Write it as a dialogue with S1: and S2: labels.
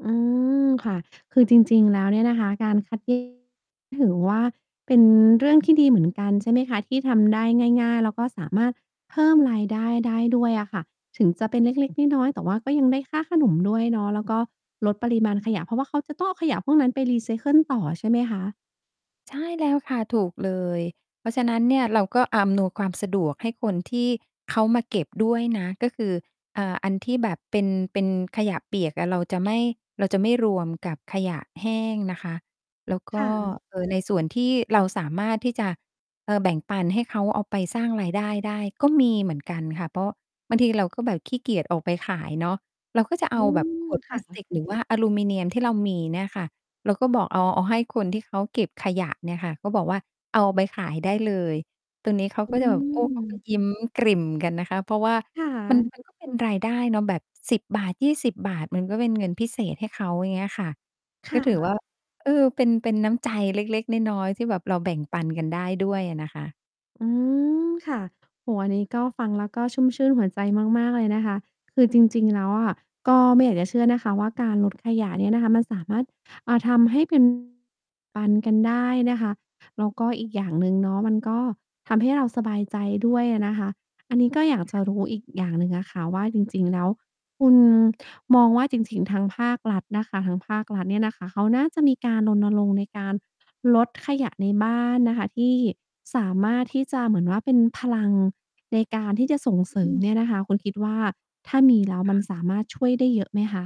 S1: อืม ค่ะ คือจริง ๆ แล้วเนี่ยนะคะ การคัด แยก ถือว่าเป็นเรื่องที่ดีเหมือนกัน ใช่ไหมคะ ที่ทำได้ง่าย ๆ แล้วก็สามารถเพิ่มรายได้ ได้ด้วยอะค่ะ ถึงจะเป็นเล็ก ๆ น้อย ๆ แต่ว่าก็ยังได้ค่าขนมด้วยเนาะ แล้วก็ลดปริมาณขยะ เพราะว่าเขาจะต้องเอาขยะพวกนั้นไปรีไซเคิลต่อใช่ไหมคะ?
S2: ใช่แล้วค่ะ ถูกเลย เพราะฉะนั้นเนี่ยเราก็อำนวยความสะดวกให้คนที่เขามาเก็บด้วยนะ ก็คือ อ่า อันที่แบบเป็น เป็นขยะเปียกอะเราจะไม่ เราจะไม่รวมกับขยะแห้งนะคะ แล้วก
S1: ค
S2: ็
S1: ่ะ
S2: เอ่อ ในส่วนที่เราสามารถที่จะ เออ แบ่งปันให้เขาเอาไปสร้างรายได้ได้ก็มีเหมือนกันค่ะ เพราะบางทีเราก็แบบขี้เกียจออกไปขายเนาะ เราก็จะเ
S1: อ
S2: อ
S1: ื
S2: าแบบ
S1: ม
S2: ขวด
S1: ค
S2: พล
S1: ่
S2: าสติ
S1: ะ
S2: กหรือว่า อลูมิเนียมที่เรามีเนี่ยค่ะ เราก็บอกเอา เอาให้คนที่เขาเก็บขยะเนี่ยค่ะ ก็บอกว่าเอาไปขายได้เลย ตรงนี้เขา
S1: อื
S2: ก็จะแบบ โอ้ เขาก็
S1: ม
S2: ยิ้มกริ่มกันนะคะ เพราะว่า
S1: ค่
S2: มัน
S1: ะ
S2: มันก็เป็น รายได้เนาะแบบ 10 บาท 20 บาท มันก็เป็นเงินพิเศษให้เขาอย่างเงี้ยอะค่ะ
S1: ค
S2: ก
S1: ่
S2: ็ถือว่
S1: ะ
S2: า เออ เป็น เป็นน้ำใจเล็ก ๆ น้อย ๆ ที่แบบเราแบ่งปันกันได้ด้วยอะนะคะ
S1: อืม ค่ะ โอ้โฮ อันนี้ก็ฟังแล้วก็ชุ่มชื่นหัวใจมาก ๆ เลยนะคะ คือจริง ๆ แล้วอะ ก็ไม่อยากจะเชื่อนะคะว่า การลดขยะเนี่ยมันสามารถทำให้ เป็น ปันกันได้นะคะ แล้วก็อีกอย่างหนึ่งเนาะ มันก็ทำให้เราสบายใจด้วยอะนะคะ อันนี้ก็อยากจะรู้อีกอย่างหนึ่งอะค่ะว่า จริง ๆ แล้วคุณมองว่า จริง ๆ ทางภาครัฐนะคะ ทางภาครัฐเนี่ยนะคะ เขาน่าจะมีการรณรงค์ในการลดขยะในบ้านนะคะ ที่ สามารถที่จะเหมือนว่าเป็นพลังในการที่จะส่งเสริ
S2: อื
S1: ม
S2: อ
S1: เนี่ยนะคะ คุณคิดว่า ถ้ามีแล้ว
S2: ค
S1: มั
S2: ่
S1: น
S2: ะ
S1: สามารถช่วยได้เยอะไหมคะ?